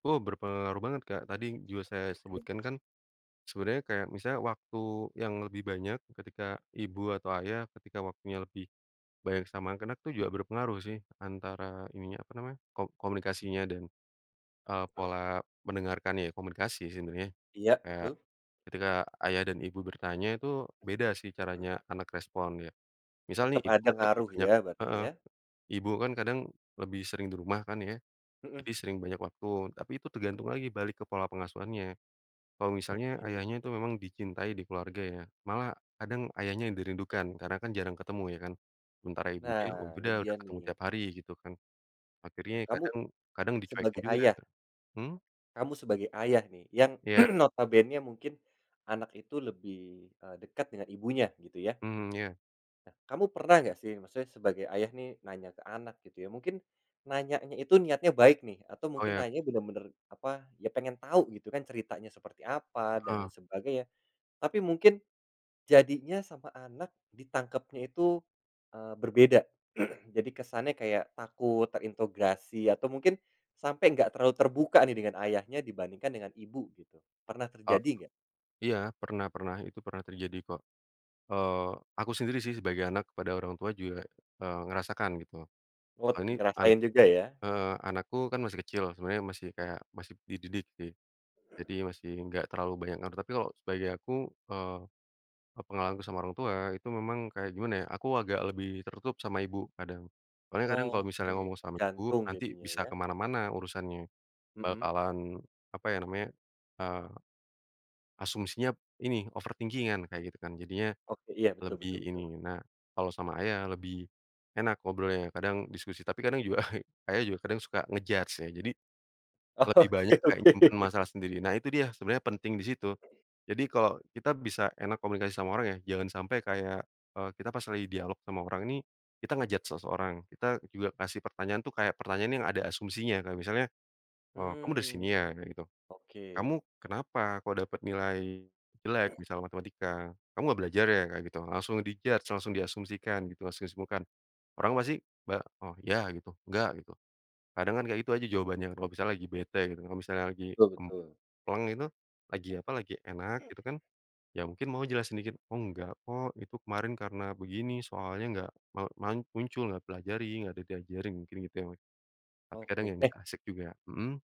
Oh berpengaruh banget Kak, tadi juga saya sebutkan kan sebenernya kayak misalnya waktu yang lebih banyak, ketika ibu atau ayah ketika waktunya lebih banyak sama anak-anak itu juga berpengaruh sih antara ininya apa namanya, ko komunikasinya dan, eee, Eee. pola mendengarkanya komunikasi sebenarnya, Iya eee, betul. ketika ayah dan ibu bertanya itu beda sih caranya anak respon ya, misal nih Tetap ibu ada kan lebih ngaruh banyak ya, berarti heeh, ya? ibu kan kadang lebih sering di rumah kan ya, Heeh. jadi sering banyak waktu tapi itu tergantung lagi balik ke pola pengasuhannya, kalau misalnya Oke. ayahnya itu memang dicintai di keluarga ya, malah kadang ayahnya dirindukan karena kan jarang ketemu ya kan sementara ibunya, oh Nah, ya ini udah dia udah ketemu nih. tiap hari gitu kan, akhirnya Nah kamu kadang kadang dicuekin sebagai juga. ayah. Hmm? Kamu sebagai ayah nih, yang Iya. notabene mungkin anak itu lebih, eee, dekat dengan ibunya gitu ya. Hmm ya. Nah, kamu pernah nggak sih maksudnya sebagai ayah nih nanya ke anak gitu ya mungkin nanyanya itu niatnya baik nih, atau Oh mungkin iya. nanya bener-bener apa, ya pengen tahu gitu kan ceritanya seperti apa dan lain Heeh. sebagainya, tapi mungkin jadinya sama anak ditangkapnya itu, eee, berbeda jadi kesannya kayak takut, terinterogasi atau mungkin sampai nggak terlalu terbuka nih dengan ayahnya dibandingkan dengan ibu gitu, pernah Oh, terjadi nggak? iya pernah pernah itu pernah terjadi kok, eee, aku sendiri sih sebagai anak kepada orang tua juga, eee, ngerasakan gitu. Oh Oh ini anak ngerasain juga ya. heeh, anakku kan masih kecil, sebenarnya masih kayak masih dididik sih. Jadi masih nggak terlalu banyak ngaruh, tapi kalau sebagai aku, eee, pengalamanku sama orang tua itu memang kayak gimana ya, aku agak lebih tertutup sama ibu, kadang. Soalnya kadang kalau Oke, misalnya ngomong sama ibu tergantung nanti jadinya bisa ya. kemana-mana urusannya. Heeh. Bakalan apa ya namanya, eee, asumsinya ini overthingking-an kayak gitu kan, jadinya Oke, iya betul lebih betul betul. ini nah kalau sama ayah lebih enak ngobrolnya kadang diskusi tapi kadang juga ayah juga kadang suka nge-judge ya, jadi lebih Oke banyak kayak oke. nyimpan masalah sendiri. Nah itu dia sebenarnya penting disitu, jadi kalau kita bisa enak komunikasi sama orang ya jangan sampai kayak, e kita pas lagi dialog sama orang ini kita nge-judge seseorang, kita juga kasih pertanyaan tuh kayak pertanyaan yang ada asumsinya kayak misalnya, "Eee kamu dari Mmm, sini ya?" kayak gitu. "Kamu oke. kenapa kok dapat nilai jelek?" Misalnya matematika, "Kamu gak belajar ya?" Kayak gitu langsung di judge langsung diasumsikan gitu langsung asismukan orang pasti ba oh ya gitu, nggak gitu, kadang kan kayak gitu aja jawabannya, kalau misalnya lagi bete gitu, kalau misalnya lagi Betul betul. pleng itu lagi apa, lagi enak Mhm. gitu kan, ya mungkin mau jelasin dikit. "Oh enggak kok, itu kemarin karena begini soalnya gak ma ma muncul, gak pelajari, gak diajarin." Mungkin gitu ya tapi kadang ya Oke. Eh asik juga mhm.